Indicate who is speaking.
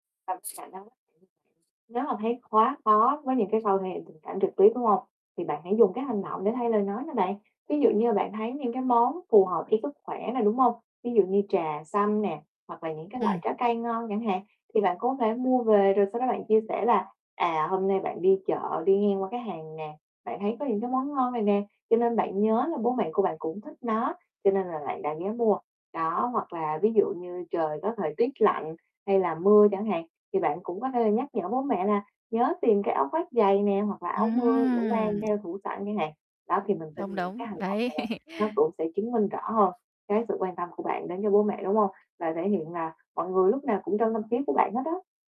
Speaker 1: Bằm sả nấm nếu mà thấy quá khó với những cái khâu thể hiện tình cảm trực tiếp, đúng hông? Thì bạn hãy dùng cái hành động để thay lời nói nè bạn. Ví dụ như là bạn thấy những cái món phù hợp với sức khỏe nè, đúng hông? Ví dụ như trà xanh nè hoặc là những cái loại
Speaker 2: Ừm.
Speaker 1: trái cây ngon chẳng hạn thì bạn có thể mua về rồi sau đó bạn chia sẻ là, à, hôm nay bạn đi chợ đi ngang qua cái hàng nè, bạn thấy có những cái món ngon này nè, cho nên bạn nhớ là bố mẹ của bạn cũng thích nó cho nên là bạn đã ghé mua. Đó, hoặc là ví dụ như trời có thời tiết lạnh hay là mưa chẳng hạn thì bạn cũng có thể là nhắc nhở bố mẹ là nhớ tìm cái áo khoác dày nè hoặc là áo mưa để mang
Speaker 2: Ừm.
Speaker 1: theo thủ sẵn chẳng hạn. Đó, thì mình tin
Speaker 2: Đúng,
Speaker 1: những
Speaker 2: đúng,
Speaker 1: cái hành động
Speaker 2: đấy.
Speaker 1: này nè nó cũng sẽ chứng minh rõ hơn cái sự quan tâm của bạn đến cho bố mẹ, đúng hông? Và thể hiện là mọi người lúc nào cũng trong tâm trí của bạn hết đó.